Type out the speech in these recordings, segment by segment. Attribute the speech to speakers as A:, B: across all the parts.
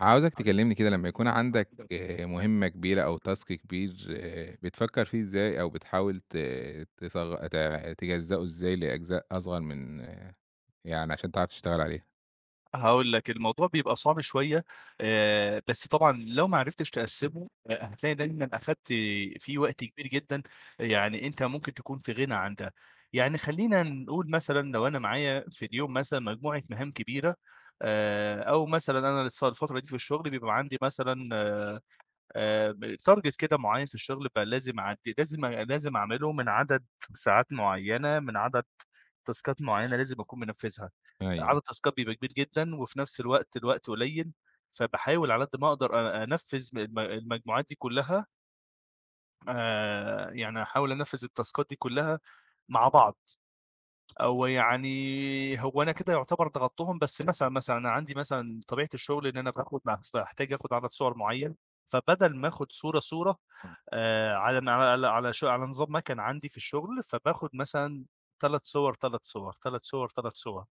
A: عاوزك تكلمني كده لمّا يكون عندك مهمة
B: [unintelligible]
A: كبيرة أو task كبير بتفكّر فيه إزاي أو بتحاول ت تصغ ت تجزّؤه إزاي لأجزاء أصغر من يعني عشان تعرف تشتغل عليه.
B: هاقول لك، الموضوع بيبقى صعب شوية آآ بس طبعًا لو ما عرفتش تقسّمه هتلاقي دايمًا أخَدت فيه وقت كبير جدًا، يعني أنت ممكن تكون في غِنى عن ده. يعني خلّينا نقول مثلًا لو أنا معايا في اليوم مثلًا مجموعة مهام كبيرة آآ أو مثلًا أنا الص الفترة دي في الشغل بيبقى عندي مثلًا آآ م target كده معيّن في الشغل بقى لازم أعد لازم أ لازم أعمله من عدد ساعات معيّنة، من عدد تاسكات معيّنة لازم أكون منفِّذها،
A: أيوه،
B: عدد
A: أيوه.
B: تاسكات كبير جدًا وفي نفس الوقت الوقت قليّل، فباحاول على قد ما أقدر أ أنفِّذ م الم المجموعات دي كلّها آآ يعني أحاول أنفِّذ التاسكات دي كلّها مع بعض. أو يعني هو أنا كده يُعتبر ضغطتهم، بس مثلًا، مثلًا أنا عندي مثلًا طبيعة الشغل إن أنا باخد م باحتاج آخد عدد صور معيّن، فبدل ما آخد صورة، صورة
A: امم.
B: آآ، على م على على ش على نظام مَكَن عندي في الشغل، فباخد مثلًا 3 صُوَر، 3 صُوَر، 3 صُوَر، 3 صُوَر،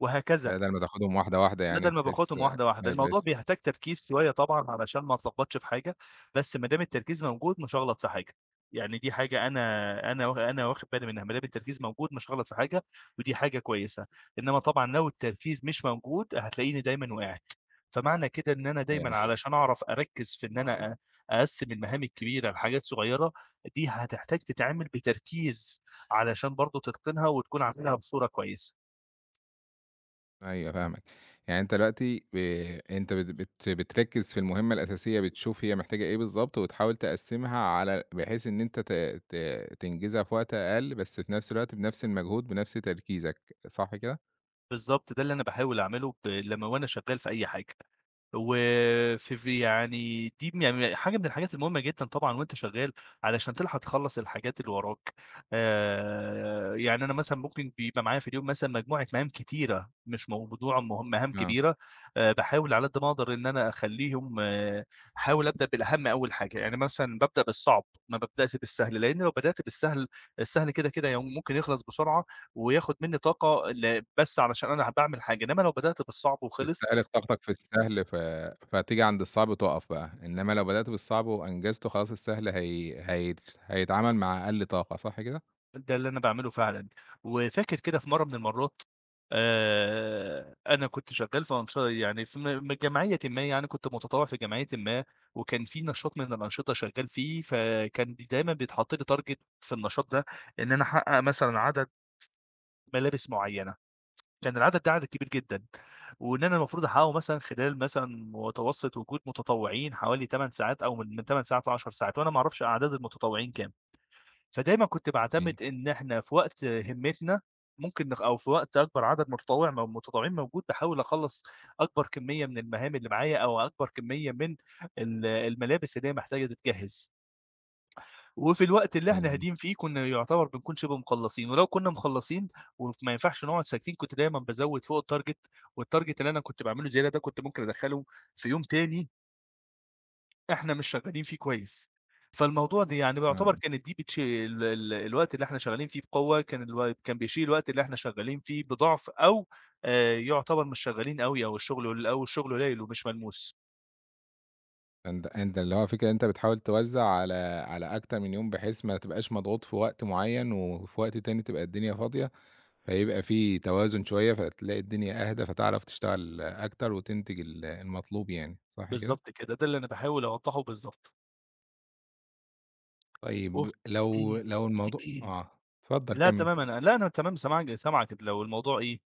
B: وَهكذا.
A: بَدَل ما تاخدهم واحدة، واحدة يعني
B: بَدَل ما
A: بحيث
B: باخدهم واحدة،
A: ما
B: واحدة، الموضوع
A: يبقاش
B: بيحتاج تركيز شوية طبعًا علشان ما أتلخبطش في حاجة، بس ما دام التركيز موجود مش هاغلط في حاجة، يعني دي حاجة أنا أنا واخ أنا واخد بالي منها، ما دام التركيز موجود مش هاغلط في حاجة ودي حاجة كويسة، إنّما طبعًا لو التركيز مش موجود هتلاقيني دايمًا وقعت. فمعنى كده إن أنا
A: أيوه،
B: دايمًا
A: منطقي.
B: علشان أعرف أركّز في إن أنا أ أقسّم المهام الكبيرة لحاجات صغيّرة، دي هتحتاج تتعمل بتركيز علشان برضه تتقِنها وتكون عاملها بصورة كويسة.
A: أيوه، فاهمك، يعني أنت دلوقتي ب أنت بت بت بتركّز في المهمة الأساسية، بتشوف هي محتاجة إيه بالضبط، وتحاول تقسّمها على بحيث إن أنت ت ت تنجزها في وقت أقل، بس في نفس الوقت، بنفس المجهود، بنفس تركيزك، صح كده؟
B: بالضبط، ده اللي أنا باحاول أعمله ب لمّا وأنا شغال في أي حاجة، وف في يعني دي م ي ي حاجة من الحاجات المهمة جدًا طبعًا وأنت شغال، علشان تلحق تخلّص الحاجات اللي وراك، آآ، يعني أنا مثلًا ممكن بيبقى معايا في اليوم مثلًا مجموعة مهام كتيرة، مش موضوع مه مهام
A: آه.
B: كبيرة، باحاول على قد ما أقدر إن أنا أخلّيهم أحاول أبدأ بالأهم أول حاجة، يعني مثلًا بابدأ بالصعب، ما بابدأش بالسهل، لأن لو بدأت بالسهل، السهل كده، كده يم ممكن يخلص بسرعة، وياخد مني طاقة ل بس علشان أنا ه باعمل حاجة، إنما لو بدأت بالصعب وخلص
A: تستهلك طاقتك في السهل، ف فتيجي عند الصعب تُقف بقى، إنمّا لو بدأت بالصعب وأنجزته، خلاص السهل هي هيت هيتعمل مع أقل طاقة، صح كده؟
B: ده اللي أنا باعمله فعلًا، وفاكر كده في مرّة من المرّات، آآ، أنا كنت شغال في أنش يعني في م م جمعيةٍ ما يعني، كنت متطوع في جمعيةٍ ما، وكان في نشاط من الأنشطة شغال فيه، فكان ب دايمًا بيتحطّ لي target في النشاط ده إن أنا أحقق مثلًا عدد، ملابس معيّنة، كان العدد ده عدد كبير جدًا، وإن أنا المفروض أحققه مثلًا خلال مثلًا متوسط وجود متطوعين حوالي 8 ساعات، أو من 8 ساعات ل10 ساعات، وأنا ما أعرفش أعداد المتطوعين كام، فدايمًا كنت
A: أيوه.
B: باعتمد إن إحنا في وقت همّتنا ممكن نخ أو في وقت أكبر عدد متطوع م متطوعين موجود، باحاول أخلّص أكبر كمية من المهام اللي معايا، أو أكبر كمية من ال الملابس اللي هي محتاجة تتجهز. وفي الوقت اللي إحنا
A: أيوه ،أيوه.
B: هاديين فيه، كنا يُعتبر بنكون شبه مخلّصين، ولو كنا مخلّصين، وف ما ينفعش نقعد ساكتين كنت دايمًا بازوّد فوق الtarget، والtarget اللي أنا كنت باعمله زيادة ده، كنت ممكن أدخّله في يوم تاني إحنا مش شغالين فيه كويس، فالموضوع ده يعني بيعتبر
A: آه.
B: كانت دي بتش ال ال الوقت اللي إحنا شغالين فيه بقوة كان الو كان بيشيل الوقت اللي إحنا شغالين فيه بضَعف أو آآ يعتبر مش شغالين أوي، أو الشغل أو الشغل قليل ومش ملموس.
A: أنت أنت اللي هو الفكرة أنت بتحاول توزّع على على أكتر من يوم بحيث ما تبقاش مضغوط في وقت معيّن وفي وقت تاني تبقى الدنيا فاضية، فيبقى في توازن شوية، فتلاقي الدنيا أهدى، فتعرف تشتغل أكتر وتنتج ال المطلوب يعني، صح كده؟
B: بالضبط كده، ده اللي أنا باحاول أوضحه، بالضبط. وف
A: طيب، لو لو الموضوع آه، اتفضل
B: لا
A: كَمِل.
B: تمام، أنا لا أنا تمام، سمعاك سامعك، لو الموضوع إيه؟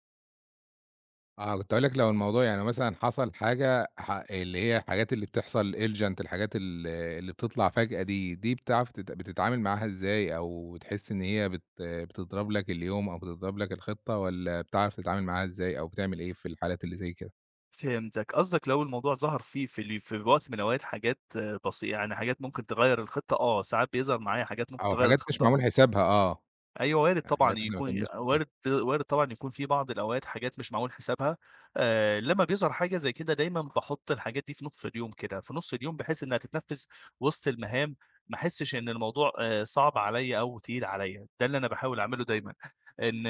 A: آه، كنت هاقول لك لو الموضوع يعني مثلًا حصل حاجة ح اللي هي الحاجات اللي بتحصل Elegant الحاجات ال اللي بتطلع فجأة دي، دي بتعرف ت بتتعامل معاها إزاي؟ أو بتحس إن هي بت بتضرب لك اليوم أو بتضرب لك الخطة والَّا بتعرف تتعامل معاها إزاي أو بتعمل إيه في الحالات اللي زي كده؟
B: فهمتك، قصدك لو الموضوع ظَهَر فيه في ال في وقت من الوقت حاجات بسي يعني حاجات ممكن تغيّر الخطة آه، ساعات بيظهر معايا حاجات ممكن
A: أو
B: تغيّر
A: حاجات مش
B: الخطة
A: معمول
B: آه.
A: حسابها، آه.
B: أيوه، وارد
A: يعني
B: طبعًا
A: حاجات إحنا ما
B: يكون
A: كناش [unintelligible]
B: وارد وارد طبعًا يكون في بعض الأوقات حاجات مش معمول حسابها، آآ، لمّا بيظهر حاجة زي كده دايمًا باحُطّ الحاجات دي في نُصّ اليوم كده، في نُصّ اليوم بحيث إنها تتنفّذ وسط المهام، ما أحسِّش إن الموضوع آآ صعب عليَّ أو تقيل عليَّ، ده اللي أنا باحاول أعمله دايمًا. إن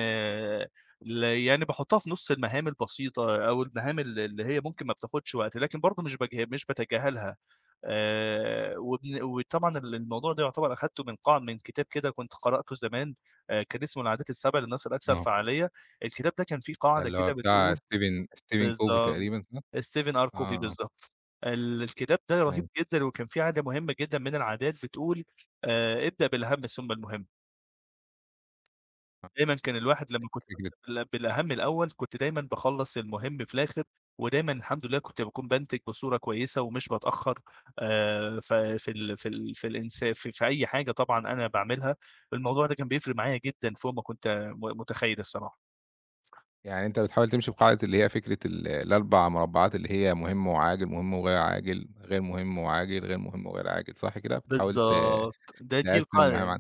B: ل يعني باحُطّها في نُصّ المهام البسيطة أو المهام ال اللي هي ممكن ما بتاخدش وقت، لكن برضه مش باجه مش باتجاهلها، آآ، وبن وطبعًا ال الموضوع ده يعتبر أخدته من قاع من كتاب كده كنت قرأته زمان، آآ كان اسمه العادات السَبع للناس الأكثر
A: آه.
B: فعّالية، الكتاب ده كان فيه قاعدة
A: اللي هو
B: كده
A: بتاع
B: بتقول
A: ستيفن ستيفن كوفي
B: بالضبط.
A: تقريبًا صح؟
B: ستيفن
A: آه،
B: أركوفي
A: آه.
B: بالضبط. ال الكتاب ده رهيب
A: أيوه.
B: جدًا، وكان فيه عادة مهمة جدًا من العادات بتقول، آآ ابدأ بالأهم ثم المهم.
A: أ أ
B: دايمًا كان الواحد لمّا كنت
A: أ [unintelligible]
B: بابدأ بال بالأهم الأول كنت دايمًا باخلص المهم في الآخر ودايمًا الحمد لله كنت باكون بانتِج بصورة كويسة ومش باتأخر، آآ ف في ال في ال في الإنسا ف في أي حاجة طبعًا أنا باعملها، الموضوع ده كان بيفرق معايا جدًا فوق ما كنت م متخيّل الصراحة.
A: يعني أنت بتحاول تمشي بقاعدة اللي هي فكرة ال اللي ال4 مربّعات اللي هي مهم وعاجل، مهم وغير عاجل، غير مهم وعاجل، غير مهم وغير عاجل، صح كده بتحاول ت
B: بالضبط، ده دي
A: تقسّم
B: القاع
A: المَهام
B: ال
A: عن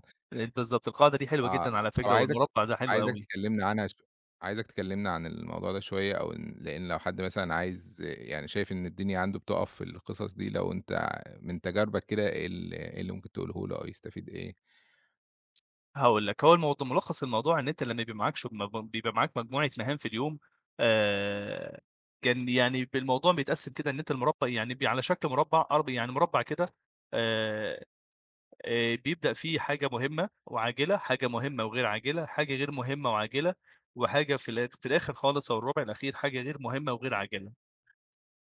B: بالضبط، القاعدة دي حلوة
A: آه.
B: جدًا على
A: طَب
B: فكرة،
A: عايزك
B: والمربّع ده حلو
A: عايزك
B: أوي.
A: تكلّمني عنها شو عايزك تكلّمني عن الموضوع ده شوية أو إن لإن لو حد مثلًا عايز يعني شايف إن الدنيا عنده بتقف في القصص دي لو أنت ع من تجاربك كده إيه ال إيه اللي ممكن تقوله له أو يستفيد إيه؟
B: هاقول لك هو الموض مُلخّص الموضوع إن أنت لمّا يبقى معاك شُ ما بم بيبقى معاك مجموعة مَهام في اليوم آآ كان يعني ب الموضوع بيتقسّم كده إن أنت المربّع يعني بي على شكل مربّع أرب يعني مربّع كده. آآ آآ بيبدأ فيه حاجة مُهمّة وعاجلة، حاجة مُهمّة وغير عاجلة، حاجة غير مُهمّة وعاجلة وحاجة في الآخ في الآخِر خالص أو الرُبع الأخير حاجة غير مُهمّة وغير عاجلة.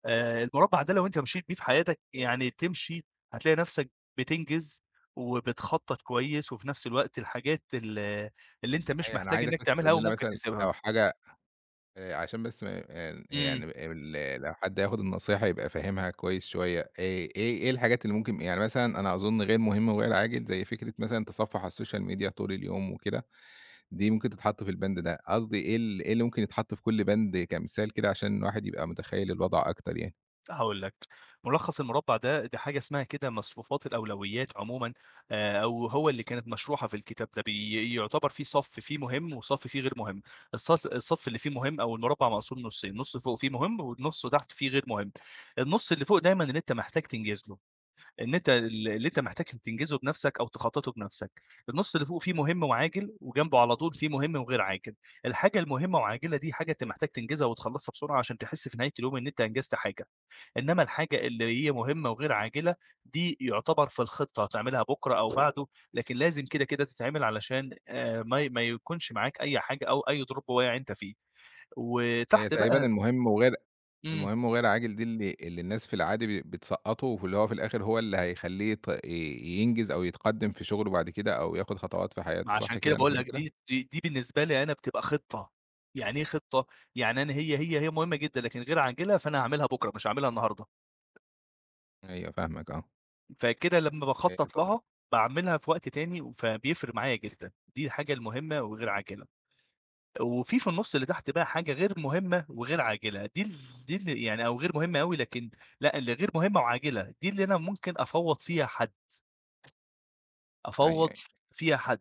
B: آآ المربع ده لو أنت مشيت بيه في حياتك يعني تمشي هتلاقي نَفْسك بتنجِز وبتخطط كويس وفي نَفْس الوقت الحاجات ال اللي أنت مش
A: أيوه أنا
B: محتاج
A: عايزك
B: إنّك
A: بس
B: تعملها
A: تقول
B: أوي
A: لنا
B: ممكن
A: مثلًا
B: تسيبها.
A: لو حاجة آآ عشان بس ما م إن
B: إمم.
A: يعني ب ال لو حد هياخُد النصيحة يبقى فاهمها كويس شوية. إيه إيه إيه الحاجات اللي ممكن م يعني مثلًا أنا أظُن غير مهم وغير عاجل، زي فكرة مثلًا تصفُّح على السوشيال ميديا طول اليوم وكده، دي ممكن تتحط في الباند ده قصدي إيه ال إيه اللي ممكن يتحط في كل باند كمثال كده عشان الواحد يبقى متخيّل الوضع أكتر يعني.
B: هاقول لك، ملخص المربع ده، دي حاجة اسمها كده مصفوفات الأولويات عمومًا، آآ، أو هو اللي كانت مشروحة في الكتاب ده، بي يُعتبر فيه صف فيه مهم، وصف فيه غير مهم، الص الصف اللي فيه مهم، أو المربع مقسوم نُصين، نُص فوق فيه مهم، ونُصه تحت فيه غير مهم، النُص اللي فوق دايمًا إن أنت محتاج تنجز له، إن أنت ال اللي أنت محتاج تنجزه بنفسك، أو تخططه بنفسك، النُص اللي فوق فيه مهم وعاجل، وجنبه على طول فيه مهم وغير عاجل، الحاجة المهمة وعاجلة دي حاجة أنت محتاج تنجزها وتخلصها بسرعة، عشان تحس في نهاية اليوم إن أنت أنجزت حاجة، إنما الحاجة اللي هي مهمة وغير عاجلة دي يُعتبر في الخطة هتعملها بكرة أو بعده، لكن لازم كده، كده تتعمل، علشان آآ، ما ي ما يكونش معاك أي حاجة أو أي drop واقع أنت وقية عندك فيه،
A: هي
B: وتحت
A: تقريبًا
B: بقى
A: المهم وغير
B: إمم.
A: المهم وغير عاجل دي، اللي اللي الناس في العادي ب بتسقّطه، واللي هو في الآخر هو اللي هيخلّي يت ي ينجز، أو يتقدم في شغله بعد كده، أو ياخد خطوات في
B: ما
A: حياته،
B: عشان
A: صح
B: كده
A: كده، أنا
B: باقول
A: فاهم
B: لك،
A: كده؟
B: دي دي دي بالنسبة لي أنا بتبقى خطة، يعني إيه خطة؟ يعني أنا هي هي هي مهمة جدًا، لكن غير عاجلة، فأنا هاعملها بكرة، مش هاعملها النهاردة.
A: أيوه فاهمك، آه.
B: فكده لمّا
A: إية
B: باخطَّط
A: ط
B: لها باعملها في وقت تاني فبيفرق معايا جدًا، دي الحاجة المهمة وغير عاجلة. وفيه في النُصّ اللي تحت بقى حاجة غير مهمة، وغير عاجلة، دي ال دي ال يعني أو غير مهمة أوي، لكن لأ الغير مهمة وعاجلة، دي اللي أنا ممكن أفوّض فيها حد.
A: أيوه،
B: أفوّض
A: أيوه.
B: فيها حد.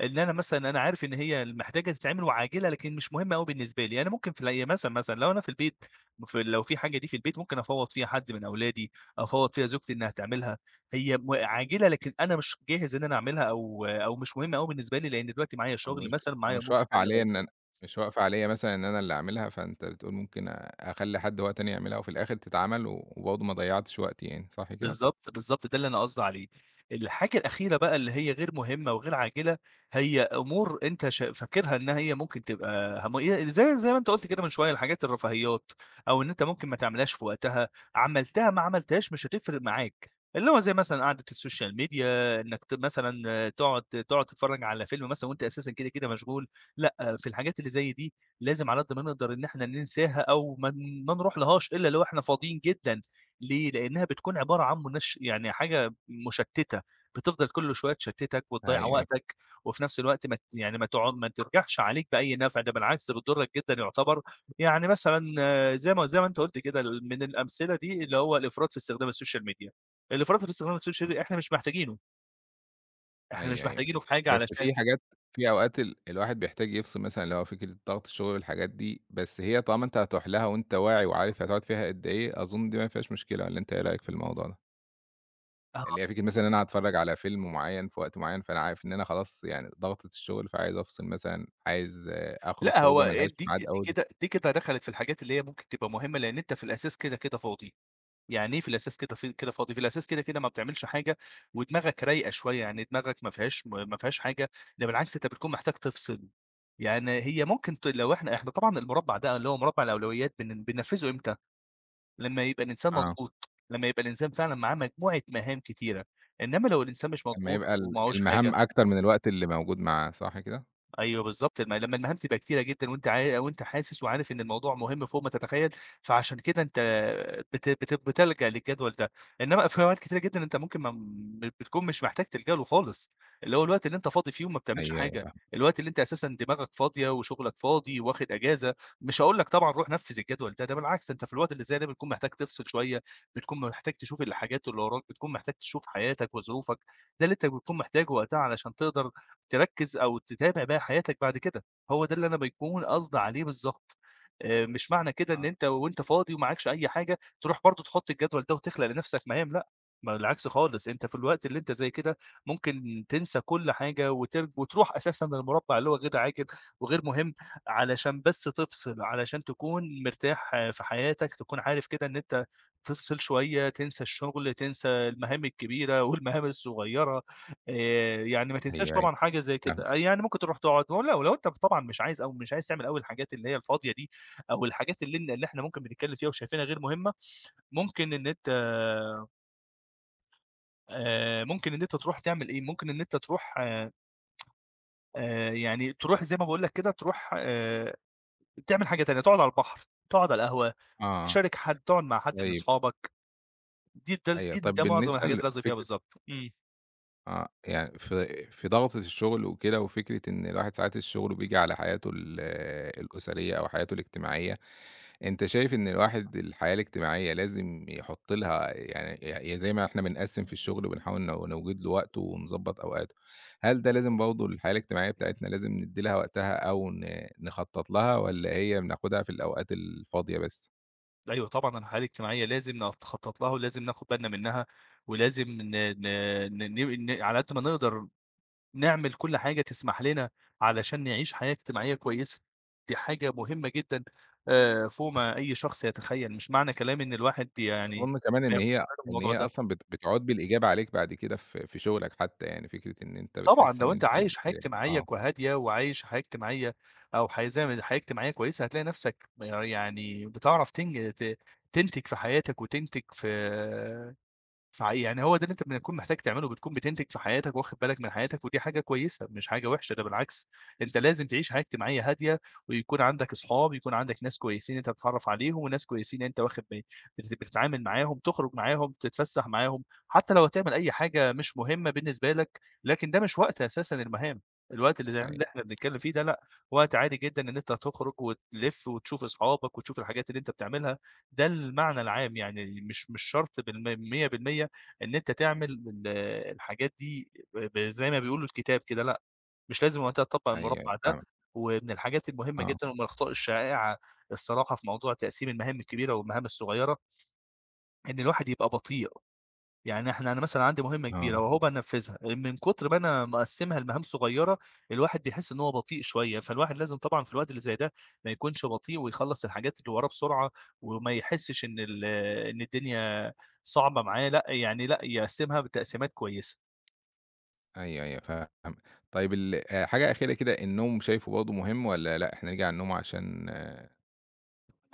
B: اللي أنا مثلًا أنا عارف إن هي ال محتاجة تتعمل وعاجلة لكن مش مهمة أوي بالنسبة لي، أنا ممكن في الي مثلًا، مثلًا لو أنا في البيت مف لو في حاجة دي في البيت ممكن أفوَّض فيها حد من أولادي، أفوَّض فيها زوجتي إنها تعملها، هي م عاجلة لكن أنا مش جاهز إن أنا أعملها، أو أو مش مهمة أوي بالنسبة لي، لأن دلوقتي معايا
A: أو
B: شغل
A: مش
B: مثلًا،
A: أو
B: معايا
A: مش واقفة عليِّ إن أنا مش
B: [unintelligible]
A: واقفة عليِّ مثلًا إن أنا اللي أعملها فأنت تقول ممكن أ أخلّى حد هو تاني يعملها وفي الآخر تتعمل و وبرده ما ضيعتش وقتي يعني، صح كده؟
B: بالضبط، بالضبط ده اللي أنا قصدي عليه. الحاجة الأخيرة بقى اللي هي غير مهمة وغير عاجلة، هي أمور أنت ش فاكرها إن هي ممكن تبقى هم آآ اللي زي زي ما أنت قُلت كده من شويّة الحاجات الرفاهيات، أو إن أنت ممكن ما تعملهاش في وقتها، عملتها ما عملتهاش مش هتفرق معاك، اللي هو زي مثلًا قعدة السوشيال ميديا إنك ت مثلًا تقعد تقعد تتفرّج على فيلم مثلًا وأنت أساسًا كده، كده مشغول، لأ، في الحاجات اللي زي دي لازم على قد ما نقدر إن إحنا ننساها أو ما ن ما نروحلهاش إلّا لو إحنا فاضيين جدًا، ليه؟ لأنها بتكون عبارة عن منش يعني حاجة مُشتِّتة بتفضل كُلّ شوية تشتِّتك
A: أيوه،
B: وتضيّع
A: أيوه.
B: وقتك، وفي نفس الوقت ما ت يعني ما تع ما ترجعش عليك بأي نفع، ده بالعكس بتضّرك جدًا يُعتبر، يعني مثلًا زي ما زي ما أنت قُلت كده من الأمثلة دي، اللي هو الإفراط في استخدام السوشيال ميديا. الإفراط في استخدام السوشيال ميديا
A: [unintelligible]
B: إحنا مش محتاجينُه. إحنا مش
A: أيوه أيوه.
B: محاجتينه في حاجة
A: بس
B: علشان
A: في حاجات في أوقات ال الواحد بيحتاج يفصل مثلًا اللي هو فكرة ضغط الشغل والحاجات دي، بس هي طالما أنت هتروح لها وأنت واعي وعارف هتقعد فيها قدّ إيه، أظن دي ما فيهاش مشكلة والّا أنت إيه رأيك في الموضوع ده؟
B: آه.
A: اللي هي فكرة مثلًا إن أنا هاتفرج على فيلم معيّن في وقت معيّن فأنا عارف إن أنا خلاص يعني ضغطة الشغل فعايز أفصل مثلًا، عايز أخرج
B: لأ،
A: خروجة
B: هو
A: ما لهاش
B: دي
A: معاد
B: دي
A: أوي
B: كده دي كده دخلت في الحاجات اللي هي ممكن تبقى مهمة، لأن أنت في الأساس كده، كده فاضي، يعني إيه في الأساس كده في كده فاضي، في الأساس كده، كده ما بتعملش حاجة، ودماغك رايقة شوية، يعني دماغك ما فيهاش ما ما فيهاش حاجة، ده بالعكس، أنت بتكون محتاج تفصل، يعني هي ممكن تل لو إحنا
A: أيوه.
B: إحنا طبعًا المربع ده، اللي هو مربع الأولويات، بن بننفذه إمتى؟ لمّا يبقى الإنسان
A: آه.
B: مضغوط، لمّا يبقى الإنسان فعلًا معاه مجموعة مهام كتيرة، إنما لو الإنسان مش
A: لمّا
B: مضغوط،
A: يبقى ال
B: ومعهوش حاجة؟
A: المهام أكتر من الوقت اللي موجود معاه، صح كده؟
B: أيوه بالضبط، لمّا لمّا المهام تبقى كتيرة جدًا وأنت عا وأنت حاسس وعارف إن الموضوع مهم فوق ما تتخيل، فعشان كده أنت بت بت بتلجأ للجدول ده. إنما في أوقات كتيرة جدًا أنت ممكن ما م بتكون مش محتاج تلجأ له خالص، اللي هو الوقت اللي أنت فاضي فيه وما بتعملش
A: أيوه، أيوه،
B: حاجة،
A: فاهمك.
B: الوقت اللي أنت أساسًا دماغك فاضية وشغلك فاضي واخد إجازة، مش هاقول لك طبعًا روح نفذ الجدول ده، ده بالعكس أنت في الوقت اللي زي ده بتكون محتاج تفصل شوية، بتكون محتاج تشوف الحاجات اللي وراك، بتكون محتاج تشوف حياتك وظروفك، ده اللي أنت بتكون محتاجه وقتها علشان تقدر تركّز أو تتابع باقى حياتك بعد كده، هو ده اللي أنا بيكون قصدي عليه بالضبط. آآ، مش معنى كده إن
A: آه.
B: أنت وأنت فاضي ومعكش أي حاجة تروح برضه تحط الجدول ده وتخلق لنَفْسك مهام لأ. بالعكس خالص، أنت في الوقت اللي أنت زَي كده ممكن تنسى كل حاجة وترج وتروح أساسًا للمربع اللي هو غير عاجل وغير مهم، علشان بس تفصل، علشان تكون مرتاح في حياتك، تكون عارف كده إن أنت تفصل شوية، تنسى الشغل، تنسى المهام الكبيرة، والمهام الصغيرة، آآ، يعني ما تنساش
A: أيوه، أيوه،
B: طبعًا حاجة زي
A: فاهمك.
B: كده، يعني ممكن تروح تقعد ولو لو أنت طبعًا مش عايز أو مش عايز تعمل أوي الحاجات اللي هي الفاضية دي، أو الحاجات اللي ن اللي إحنا ممكن بنتكلم فيها وشايفينها غير مهمة، ممكن إن أنت آآ، ممكن إن أنت تروح تعمل إيه؟ ممكن إن أنت تروح آآ، يعني تروح زي ما باقول لك كده تروح آآ، تعمل حاجة تانية تقعد على البحر، تقعد على القهوة،
A: آه.
B: تشارك حد، تقعد مع حد من
A: طيب.
B: صحابك. دي د
A: أيوه
B: دي
A: طَب
B: ده معظم
A: بالنسبة
B: الحاجات اللي قصدي فيها
A: لفكرة
B: بالضبط، إمم.
A: آه، يعني في في ضَغْطة الشُغل وكده وفكرة إن الواحد ساعات الشُغل بييجي على حياته ال الأُسرية أو حياته الاجتماعية. أنت شايف إن الواحد الحياة الاجتماعية لازم يحط لها يعني ي زي ما إحنا بنقسّم في الشُغل وبنحاول ن نوجِد له وقت ونضبّط أوقاته، هل ده لازم برضه الحياة الاجتماعية بتاعتنا لازم ندّي لها وقتها أو ن نخطّط لها والّا هي بناخُدها في الأوقات الفاضية بس؟
B: أيوه طبعًا، الحياة الاجتماعية لازم ن نخطّط لها ولازم ناخد بالنا منّها، ولازم ن ن ن ن ن على قد ما نقدر نعمل كل حاجة تسمح لنا علشان نعيش حياة اجتماعية كويسة. دي حاجة مهمة جدًا آآ فوق ما أي شخص يتخيّل، مش معنى كلامي إن الواحد يعني
A: أظُن كمان إن
B: فياخد
A: هي
B: باله من
A: إن
B: الموضوع
A: هي
B: ده.
A: أصلًا بت بتعود بالإيجاب عليك بعد كده في في شُغلك حتّى يعني فكرة إن أنت
B: طبعًا،
A: بتحس
B: لو
A: إن
B: أنت
A: أنت
B: عايش
A: بت
B: حياة اجتماعية
A: آه.
B: ك هادية وعايش حياة اجتماعية أو حي زي ما ي حياة اجتماعية كويسة، هتلاقي نَفْسك يعني بتعرف تنج ت تنتج في حياتك وتنتج في في عي يعني هو ده اللي أنت بتكون محتاج تعمله بتكون بتنتج في حياتك وواخد بالك من حياتك، ودي حاجة كويسة، مش حاجة وحشة، ده بالعكس، أنت لازم تعيش حياة اجتماعية هادية، ويكون عندك أصحاب، يكون عندك ناس كويسين أنت بتتعرّف عليهم، وناس كويسين أنت واخد با بت بتتعامل معاهم، تخرج معاهم، تتفَسّح معاهم، حتّى لو هتعمل أي حاجة مش مهمة بالنسبة لك، لكن ده مش وقت أساسًا المهام، الوقت اللي زي ما
A: أيوه.
B: ح إحنا بنتكلِّم فيه ده لأ، وقت عادي جدًا إن أنت تخرُج وتلِف وتشوف أصحابك وتشوف الحاجات اللي أنتَ بتعملها، ده المعنى العام يعني مش مش شرط بالم 100% إن أنت تعمل ال الحاجات دي ب ب زي ما بيقولوا الكتاب كده لأ، مش لازم وقتها تطبّق
A: أيوه، أيوه،
B: المُربّع ده،
A: فاهمك.
B: ومن الحاجات المهمة
A: آه.
B: جدًا ومن الأخطاء الشائعة الصراحة في موضوع تقسيم المهام الكبيرة والمهام الصغيرة إن الواحد يبقى بطيء. يعني إحنا أنا مثلًا عندي مهمة كبيرة
A: آه.
B: وهو بقى نفّذها آآ من كُتر ما أنا مقسّمها لمهام صغيرة، الواحد بيحس إن هو بطيء شوية، فالواحد لازم طبعًا في الوقت اللي زي ده ما يكونش بطيء ويخلّص الحاجات اللي وراه بسرعة وما يحسّش إن ال إن الدنيا صعبة معاه، لأ، يعني لأ يقسّمها بتقسيمات كويسة.
A: أيوه، أيوه، فاهم. طيب ال آآ حاجة أخيرة كده، النوم شايفه برضه مهم والّا لأ إحنا نيجي على النوم عشان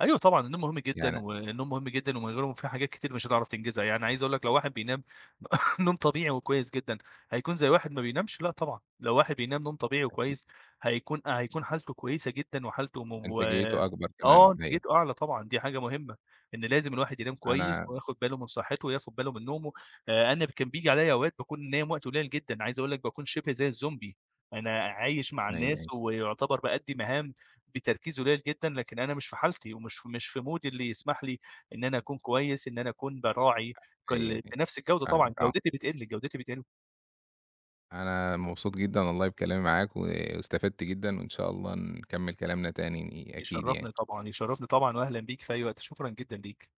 B: أيوه طبعًا، النوم مهم جدًا
A: يعني
B: والنوم مهم جدًا ومن غيره في حاجات كتير مش هتعرف تنجزها. يعني عايز أقول لك لو واحد بينام نوم طبيعي وكويس جدًا، هيكون زي واحد ما بينامش؟ لأ طبعًا. لو واحد بينام نوم طبيعي
A: أكي
B: وكويس، هيكون هيكون حالتُه كويسة جدًا وحالته مو
A: انتاجيّته أكبر
B: آه،
A: كمان، أيوه.
B: انتاجيته أعلى طبعًا دي حاجة مهمة. إن لازم الواحد ينام كويس
A: أنا
B: وياخد باله من صحّته، وياخد باله من نومه. آآ أنا كان بييجي عليّا أوقات باكون نايم وقت قليل جدًا، عايز أقول لك باكون شِبه زي الزومبي. أنا عايش مع
A: أيوه،
B: الناس
A: أيوه.
B: ويعتبر بأدّي مهام بتركيز قليّل جدًا، لكن أنا مش في حالتِي ومش مش في مودي اللي يسمح لي إن أنا أكون كويس، إن أنا أكون باراعي،
A: أ
B: كان
A: هي
B: ل
A: دي، أي
B: بنَفْس الجودة
A: فاهمك
B: طبعًا،
A: آه.
B: جودتي بتقل، جودتي بتقل.
A: أنا مبسوط جدًا والله بكلامي معاك واستفدت جدًا وإن شاء الله نكمِّل كلامنا تاني أكيد
B: يشرّفني
A: يعني.
B: طبعًا، يشرفني طبعًا وأهلًا بيك في أي وقت، شكرًا جدًا ليك.